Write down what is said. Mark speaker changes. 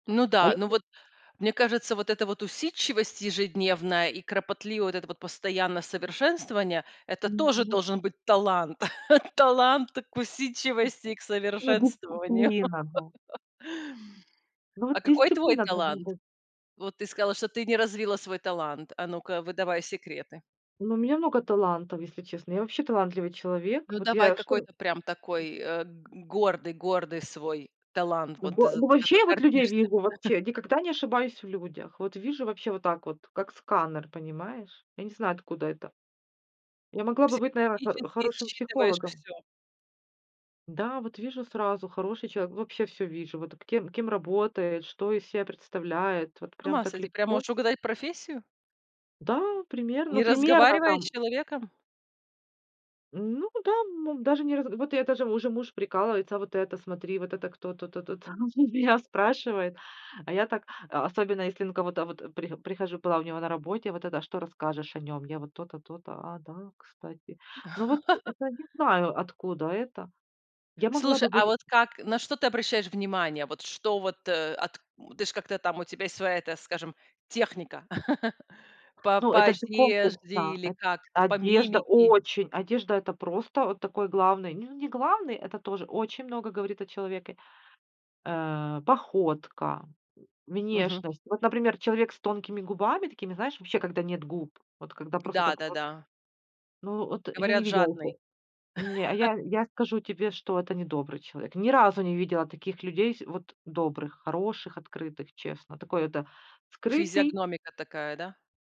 Speaker 1: Ну
Speaker 2: А
Speaker 1: да. Ну
Speaker 2: если
Speaker 1: вот, мне кажется, вот эта вот усидчивость ежедневная и кропотливое вот это вот постоянное совершенствование- это тоже
Speaker 2: Мгм.
Speaker 1: должен быть талант. Талант к усидчивости и к
Speaker 2: Ну,
Speaker 1: совершенствованию.
Speaker 2: дисциплина, да. Ну вот
Speaker 1: А какой твой
Speaker 2: дисциплина должна
Speaker 1: талант?
Speaker 2: быть.
Speaker 1: Вот ты сказала, что ты не развила свой талант. А ну-ка, выдавай секреты.
Speaker 2: Ну у меня много талантов, если честно. Я вообще талантливый человек.
Speaker 1: Ну
Speaker 2: Вот
Speaker 1: давай,
Speaker 2: я что
Speaker 1: какой-то прям такой, э, г гордый гордый свой талант.
Speaker 2: Ну
Speaker 1: Вот ты
Speaker 2: во
Speaker 1: за
Speaker 2: ну вообще
Speaker 1: который
Speaker 2: я вот людей
Speaker 1: гордишься.
Speaker 2: вижу. Вообще никогда не ошибаюсь в людях. Вот вижу вообще вот так вот, как сканер, понимаешь. Я не знаю откуда это. Я могла бы быть, наверно, хор
Speaker 1: Психологически
Speaker 2: хорошим
Speaker 1: считываешь
Speaker 2: психологом.
Speaker 1: всё.
Speaker 2: Да, вот вижу сразу- хороший человек. Вообще всё вижу, вот кем кем работает, что из себя представляет, вот
Speaker 1: С
Speaker 2: прям
Speaker 1: ума
Speaker 2: так
Speaker 1: сойти, прям
Speaker 2: легко.
Speaker 1: можешь угадать профессию?
Speaker 2: Да, примерно
Speaker 1: Не
Speaker 2: ну, примерно
Speaker 1: разговаривая с
Speaker 2: там.
Speaker 1: человеком?
Speaker 2: Ну да, мом Даже не раз вот это же, уже муж прикалывается: "А вот это смотри, вот это кто тут-то там?" Меня спрашивает. А я так, а, особенно если, ну, кого-то вот при прихожу Была у него на работе, вот это: "Что расскажешь о нём?" Я вот: "То-то, то-то",- "А, да, кстати". Ну вот это, не знаю, откуда это. Я могла
Speaker 1: Слушай,
Speaker 2: бы быть
Speaker 1: а вот как на что ты обращаешь внимание? Вот что вот, э, от ты ж как-то там, у тебя есть своя, эта, скажем, техника? По
Speaker 2: Ну,
Speaker 1: по
Speaker 2: это же конкурс,
Speaker 1: одежде
Speaker 2: да.
Speaker 1: или
Speaker 2: Эт
Speaker 1: как-то по
Speaker 2: Одежда-
Speaker 1: мимики?
Speaker 2: очень! Одежда- это просто вот такой главный Не не главный, это тоже очень много говорит о человеке. Э, походка,
Speaker 1: Мгм.
Speaker 2: внешность. Вот, например, человек с тонкими губами такими, знаешь, вообще когда нет губ. Вот когда просто
Speaker 1: Да
Speaker 2: так
Speaker 1: да
Speaker 2: вот
Speaker 1: да.
Speaker 2: Ну, от я не
Speaker 1: Говорят,
Speaker 2: видела
Speaker 1: жадный.
Speaker 2: ниче Не а я я скажу тебе, что это недобрый человек. Ни разу не видела таких людей с вот добрых, хороших, открытых, честно. Такой это скрытый
Speaker 1: Физиогномика такая, да?